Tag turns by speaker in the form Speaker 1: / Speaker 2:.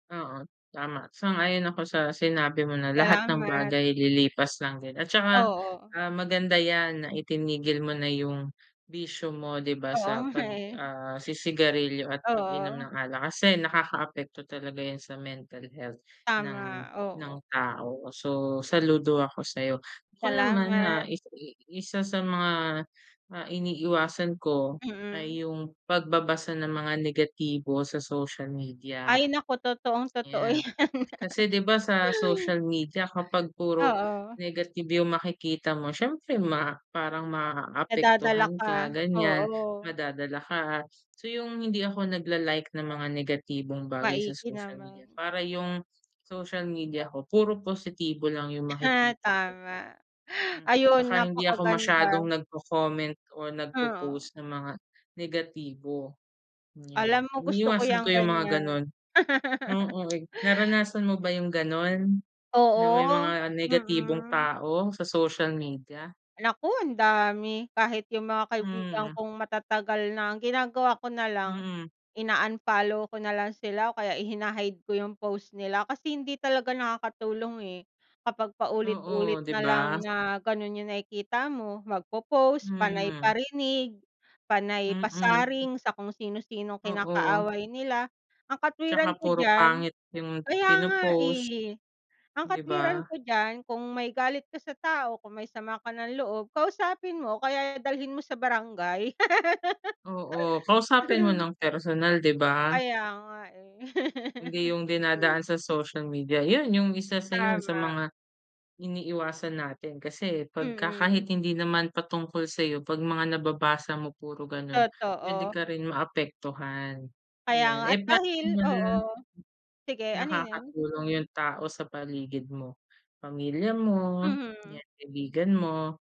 Speaker 1: Oo tama! sang-ayon ako sa sinabi mo na lahat ng
Speaker 2: Salamat.
Speaker 1: bagay lilipas lang din. At saka,
Speaker 2: Oo.
Speaker 1: ah, maganda yan na itinigil mo na yung bisyo mo, di ba?
Speaker 2: Oo
Speaker 1: Sa
Speaker 2: nga
Speaker 1: pag
Speaker 2: eh.
Speaker 1: ah, si-sigarilyo at pag-inom
Speaker 2: Oo.
Speaker 1: ng alak. Kasi nakakaapekto talaga yun sa mental health ng
Speaker 2: Tama!
Speaker 1: ng
Speaker 2: Oo.
Speaker 1: tao. So saludo ako sayo. Ako naman na
Speaker 2: Salamat!
Speaker 1: isa sa mga ah, iniiwasan ko
Speaker 2: Hmm.
Speaker 1: ay yung pagbabasa ng mga negatibo sa social media,
Speaker 2: Ay naku! Totoong totoo
Speaker 1: yan. Kasi di ba? Sa
Speaker 2: yan.
Speaker 1: social media kapag puro
Speaker 2: Oo.
Speaker 1: negative yung makikita mo, siyempre ma parang
Speaker 2: Nadadala
Speaker 1: maapektuhan
Speaker 2: ka,
Speaker 1: ka ganyan,
Speaker 2: oo.
Speaker 1: madadala ka. So yung hindi ako nag la-like ng mga negatibong bagay sa
Speaker 2: Maigi
Speaker 1: social media.
Speaker 2: naman.
Speaker 1: Para yung social media ko puro positibo lang yung
Speaker 2: Ah,
Speaker 1: makikita ko.
Speaker 2: tama!
Speaker 1: Hmm
Speaker 2: Ayun,
Speaker 1: tsaka hindi ako masyadong
Speaker 2: napakaganda!
Speaker 1: nagco-comment o nag
Speaker 2: Oo.
Speaker 1: po-post ng mga negatibo yan.
Speaker 2: Alam mo gusto ko
Speaker 1: Iniiwasan ko
Speaker 2: yung
Speaker 1: yung mga
Speaker 2: ganyan.
Speaker 1: ganun. Oo, eh, naranasan mo ba yung ganun? Na may
Speaker 2: Oo,
Speaker 1: mga negatibong
Speaker 2: mm.
Speaker 1: tao sa social media?
Speaker 2: Naku! Ang dami. Kahit yung mga kaibigan
Speaker 1: Hmm.
Speaker 2: kong matatagal na. Ang ginagawa ko nalang
Speaker 1: Mm.
Speaker 2: in-unfollow ko nalang sila o kaya hina-hide ko yung post nila. Kasi hindi talaga nakakatulong eh kapag paulit-ulit
Speaker 1: Oo, di
Speaker 2: nalang
Speaker 1: ba?
Speaker 2: na ganun yung nakikita mo magpopost, panay
Speaker 1: Mm.
Speaker 2: parinig, panay
Speaker 1: Mm.
Speaker 2: pasaring, sa kung sino-sinong
Speaker 1: Oo.
Speaker 2: kinakaaway nila. Ang
Speaker 1: Tsaka
Speaker 2: katwiran ko
Speaker 1: puro
Speaker 2: diyan,
Speaker 1: pangit yung
Speaker 2: kaya nga
Speaker 1: pino-post.
Speaker 2: eh. Ang
Speaker 1: Di
Speaker 2: katwiran
Speaker 1: ba?
Speaker 2: ko diyan kung may galit ka sa tao, kung may sama ka ng loob, kausapin mo o kaya dalhin mo sa barangay.
Speaker 1: Oo, kausapin mo ng personal, di ba?
Speaker 2: Kaya nga eh.
Speaker 1: Hindi yung dinadaan sa social media. Yun yung isa sa yun sa
Speaker 2: Tama!
Speaker 1: mga iniiwasan natin. Kasi pagka
Speaker 2: Hmm.
Speaker 1: kahit hindi naman patungkol sayo pag mga nababasa mo puro ganun, pwede
Speaker 2: Totoo!
Speaker 1: ka rin maapektuhan
Speaker 2: Kaya
Speaker 1: ayan
Speaker 2: nga at dahil,
Speaker 1: [unintelligible]
Speaker 2: oo sige, ano yun?
Speaker 1: Nakakatulong yung tao sa paligid mo, pamilya mo,
Speaker 2: Mhm.
Speaker 1: yung kaibigan mo.